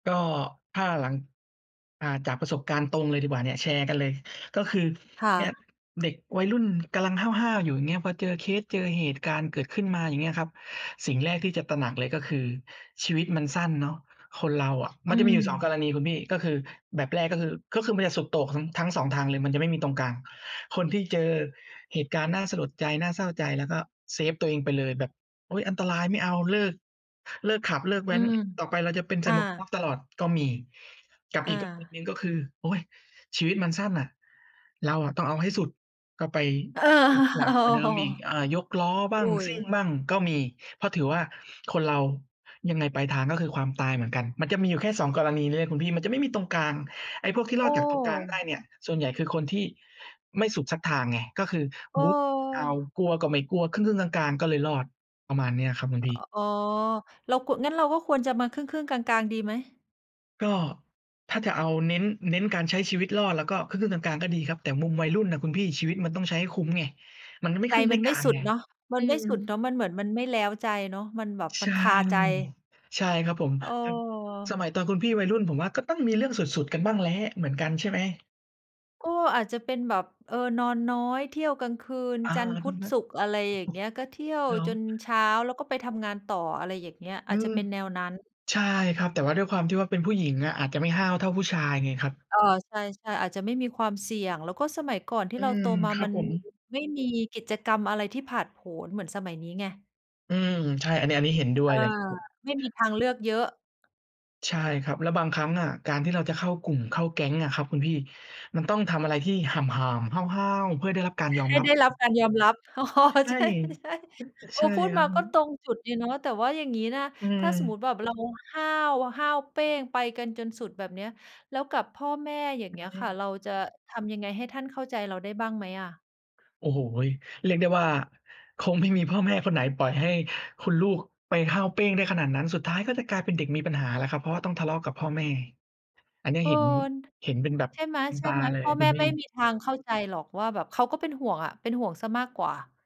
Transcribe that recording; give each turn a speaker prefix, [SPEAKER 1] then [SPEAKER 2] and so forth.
[SPEAKER 1] ก็ ถ้าหลัง อ่า จากประสบการณ์ตรงเลยดีกว่าเนี่ย แชร์กันเลย ก็คือ
[SPEAKER 2] ค่
[SPEAKER 1] เนี่ย
[SPEAKER 2] ะ
[SPEAKER 1] เด็กวัยรุ่นกำลังห้าว ๆ อยู่ อย่างเงี้ย พอเจอเคส เจอเหตุการณ์เกิดขึ้นมา อย่างเงี้ยครับ สิ่งแรกที่จะตระหนักเลย ก็คือชีวิตมันสั้นเนาะ คนเราอะ
[SPEAKER 2] อ
[SPEAKER 1] มั
[SPEAKER 2] ื
[SPEAKER 1] นจะมีอยู่ 2 ก
[SPEAKER 2] ม
[SPEAKER 1] รณีคุณพี่ ก็คือแบบแรก ก็คือ ก็คือมันจะสุดโต่งทั้ง ทั้ง 2 ทางเลย มันจะไม่มีตรงกลาง คนที่เจอเหตุการณ์น่าสลดใจ น่าเศร้าใจ แล้วก็เซฟตัวเองไปเลย แบบ โอ๊ย อันตรายไม่เอา เลิก เลิกขับ เลิกแ
[SPEAKER 2] อ
[SPEAKER 1] ว
[SPEAKER 2] ื
[SPEAKER 1] ้น
[SPEAKER 2] ม
[SPEAKER 1] ต่อไปเราจะเป็นใส
[SPEAKER 2] อ
[SPEAKER 1] ่
[SPEAKER 2] า
[SPEAKER 1] หมวกกันน็อกตลอดก็มี กับ
[SPEAKER 2] อ
[SPEAKER 1] อีกกรณี
[SPEAKER 2] า
[SPEAKER 1] หนึ่ง ก็คือ โอ๊ย ชีวิตมันสั้นน่ะ เราอะต้องเอาให้สุด ก็ไป
[SPEAKER 2] เออ
[SPEAKER 1] สุดหน
[SPEAKER 2] โ
[SPEAKER 1] ั
[SPEAKER 2] อ้
[SPEAKER 1] กกว่าเดิ
[SPEAKER 2] โฮ
[SPEAKER 1] มอีก อ่า ยกล้อบ้า
[SPEAKER 2] อุ
[SPEAKER 1] ง
[SPEAKER 2] ๊
[SPEAKER 1] ซิ่ง
[SPEAKER 2] ย
[SPEAKER 1] บ้างก็มี เพราะถือว่าคนเรายังไงปลายทาง ก็คือความตายเหมือนกัน มันจะมีอยู่แค่ 2 กรณีนี้เลยคุณพี่ มันจะไม่มีตรงกลาง ไอ้พวกที่ร
[SPEAKER 2] โอ
[SPEAKER 1] อดจากตรงกลางได้
[SPEAKER 2] ้!
[SPEAKER 1] เนี่ย ส่วนใหญ่ คือคนที่ไม่สุดสักทางไง ก็คือ
[SPEAKER 2] เ
[SPEAKER 1] บู๊ก็ไม่เอา
[SPEAKER 2] ออ
[SPEAKER 1] กลัวก็ไม่กลัว ครึ่ง ๆ กลาง ๆ ก็เลยรอด ประมาณเนี้ยครับคุณ
[SPEAKER 2] อ
[SPEAKER 1] พี่
[SPEAKER 2] อ๋อ เราโกะ งั้นเราก็ควรจะมาครึ่ง ๆ กลาง ๆ ดีไหม?
[SPEAKER 1] ก็ ถ้าจะเอาเน้น เน้นการใช้ชีวิตรอด เราก็ครึ่ง ๆ กลาง ๆ ก็ดีครับ แต่มุมวัยรุ่นน่ะคุณพี่ ชีวิตมันต้องใช้ให้คุ้มไง มันก็ไม่
[SPEAKER 2] ใจ
[SPEAKER 1] ครึ่งไ
[SPEAKER 2] มั
[SPEAKER 1] ม่
[SPEAKER 2] นไม
[SPEAKER 1] กล
[SPEAKER 2] ่
[SPEAKER 1] าง
[SPEAKER 2] สุ
[SPEAKER 1] ไ
[SPEAKER 2] ด
[SPEAKER 1] ง
[SPEAKER 2] เนาะ
[SPEAKER 1] อ
[SPEAKER 2] มันไม่สุ
[SPEAKER 1] ื
[SPEAKER 2] ดเน
[SPEAKER 1] ม
[SPEAKER 2] าะ มันเหมือนมันไม่แล้วใจเนาะ มันแบบม
[SPEAKER 1] ใช
[SPEAKER 2] ัน
[SPEAKER 1] ่
[SPEAKER 2] คาใจ
[SPEAKER 1] ใช่ครับผม
[SPEAKER 2] เ
[SPEAKER 1] อืม สมัย
[SPEAKER 2] ออ
[SPEAKER 1] ตอนคุณพี่วัยรุ่น ผมว่าก็ต้องมีเรื่องสุด ๆ กันบ้างแหละ เหมือนกันใช่ไหม?
[SPEAKER 2] ก็อาจจะเป็นแบบ เอ่อ นอนน้อย เที่ยวกลางคืน
[SPEAKER 1] อา
[SPEAKER 2] จันทร์ พ
[SPEAKER 1] ค
[SPEAKER 2] ุ
[SPEAKER 1] ุณ
[SPEAKER 2] ธ
[SPEAKER 1] ก็
[SPEAKER 2] ศุกร์ อะไรอย่างเงี้ย ก็เที่ยว
[SPEAKER 1] เหรอ?
[SPEAKER 2] จนเช้า แล้วก็ไปทำงานต่อ อะไรอย่างเงี้ย อ
[SPEAKER 1] อื
[SPEAKER 2] าจจะ
[SPEAKER 1] ม
[SPEAKER 2] เป็นแนวนั้น
[SPEAKER 1] ใช่ครับ แต่ว่าด้วยความที่ว่า เป็นผู้หญิงอะ อาจจะไม่ห้าวเท่าผู้ชายไงครับ
[SPEAKER 2] เออ ใช่ ๆ อาจจะไม่มีความเสี่ยง แล้วก็สมัยก่อนที่
[SPEAKER 1] อื
[SPEAKER 2] เรา
[SPEAKER 1] ม
[SPEAKER 2] โตมา
[SPEAKER 1] ครั
[SPEAKER 2] ม
[SPEAKER 1] บ
[SPEAKER 2] ัน
[SPEAKER 1] ผม
[SPEAKER 2] ไม่มีกิจกรรมอะไรที่ผาดโผน เหมือนสมัยนี้ไง
[SPEAKER 1] อืม ใช่ อันนี้ อันนี้เห็นด้
[SPEAKER 2] เ
[SPEAKER 1] ว
[SPEAKER 2] อ
[SPEAKER 1] ย
[SPEAKER 2] อ
[SPEAKER 1] เลย
[SPEAKER 2] ไม่มีทางเลือกเยอะ
[SPEAKER 1] ใช่ครับ แล้วบางครั้งอะ การที่เราจะเข้ากลุ่มเข้าแก๊งอะครับคุณพี่ มันต้องทำอะไรที่ห่าม ๆ ห้าว ๆ เพื่อให้ได้รับการยอม
[SPEAKER 2] ให้
[SPEAKER 1] รับ
[SPEAKER 2] ได้รับการยอมรับ อ้อ
[SPEAKER 1] ใช่
[SPEAKER 2] ใช่
[SPEAKER 1] อ
[SPEAKER 2] ๆ เอ
[SPEAKER 1] ใช
[SPEAKER 2] อ
[SPEAKER 1] ่
[SPEAKER 2] พูด
[SPEAKER 1] คร
[SPEAKER 2] ม
[SPEAKER 1] ั
[SPEAKER 2] าก็ต
[SPEAKER 1] บ
[SPEAKER 2] รงจุดดีเนาะ แต่ว่าอย่างนี้นะคะ
[SPEAKER 1] อื
[SPEAKER 2] ถ้าสมมุ
[SPEAKER 1] ม
[SPEAKER 2] ติว่าแบบเราห้าว ห้าวเป้งไปกันจนสุดแบบเนี้ย แล้วกับพ่อแม่ อย่าง
[SPEAKER 1] อ
[SPEAKER 2] เงี้ย
[SPEAKER 1] ื
[SPEAKER 2] ค่ะ
[SPEAKER 1] ม
[SPEAKER 2] เราจะทำยังไงให้ท่านเข้าใจเราได้บ้างไหมอะ?
[SPEAKER 1] โอ้โฮ เรียกได้ว่า คงไม่มีพ่อแม่คนไหนปล่อยให้คุณลูกไปห้าวเป้งได้ขนาดนั้น สุดท้าย ก็จะกลายเป็นเด็กมีปัญหาแล้วครับ เพราะว่าต้องทะเลาะกับพ่อแม่ อันนี้
[SPEAKER 2] เออ
[SPEAKER 1] เห็น เห็นเป็นแบบ
[SPEAKER 2] ใช่ไห
[SPEAKER 1] บุญตา
[SPEAKER 2] ม
[SPEAKER 1] เล
[SPEAKER 2] ๆ พ
[SPEAKER 1] ย
[SPEAKER 2] ่อ
[SPEAKER 1] คุ
[SPEAKER 2] แม
[SPEAKER 1] ณ
[SPEAKER 2] ่
[SPEAKER 1] พี
[SPEAKER 2] ไ
[SPEAKER 1] ่
[SPEAKER 2] ม่มีทางเข้าใจหรอกว่าแบบเขาก็เป็นห่วง เป็นห่วงเสียมากกว่า